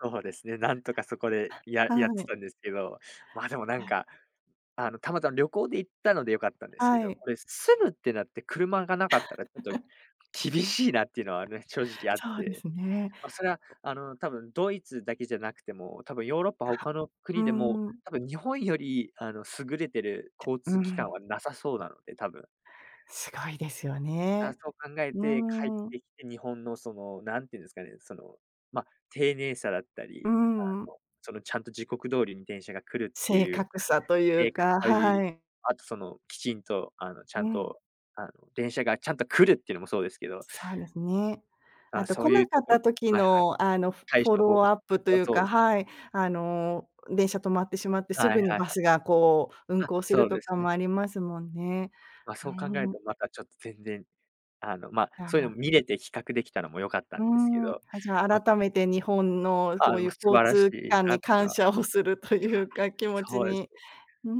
そうですね、なんとかそこでややっはてい。たんですけど。まあ、でもなんあ。か、あのたまたま旅行で行ったので良かったんですけはど、い。これ住むってなって、車がなかったら、ちょっと 厳しいなっていうのはね、正直あっそうでて。すね。ま、それはあの、多分ドイツだけじゃなくてもう、多分ヨーロッパあ。他のうー国でも、ん。多分日本より、あの、優れてるえ。交う通機関ん。は無さそうなので、多分。すごいですよあ、ね。そう考えうて帰っーん。てきて、日本の、その、なんていうんですかね、その、ま、丁寧さだったうり、あん。の、そのちゃんと時刻通りに電車が来るって正いう、確さという正確か、かい、はい。あと、その、きちんと、あの、ちゃうんん。と、あの、電車がちゃんと来るっていうのもそうですけど。そうですね。ああ、と、そ来ういなうかっところた時はいはい。のあの、フォ対フォ処法ローすアップといはうそうか、ですね。はい。あの、電車止まってしまって、すはい。はぐいにはバい。スがこう運あ、行すそるうとですかね。もありますもんね。ま、は、そうん考えるん。と、なんかちょっと全然、あの、ま、やっそういうのもぱ。見れて比較できたのも良かったうーんですけん。ど、あ、じゃあま。改めて日本のあそあ、ういま、う素交晴らし通機い関なっにていうの感は。謝をするというか、気持ちそうですに、ね。うー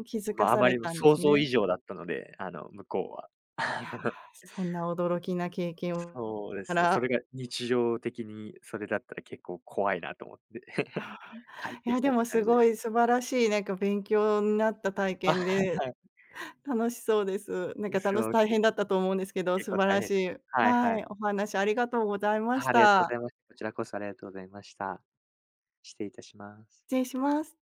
ん、気づうんかま、あさまれりもたんで想す像ね？以上だったので、あの、向こうは。いや、そんな驚きな経験をそうで [unintelligible] たすね。そら。れが日常的にそれだったら結構怖いなと思って。ああ。帰っいてやきでたっもて感すじでごす。い素晴らしいなんか勉強んなった体は験で、い。楽しそうです。なんう、かたのしそう、大け変だったと思うんですけど、結素構晴大らし変。い、はいははい。い、お話ありがとうございまは、しありがとうござた。います。こちらこそありがとうございました。失礼いたします。失礼します。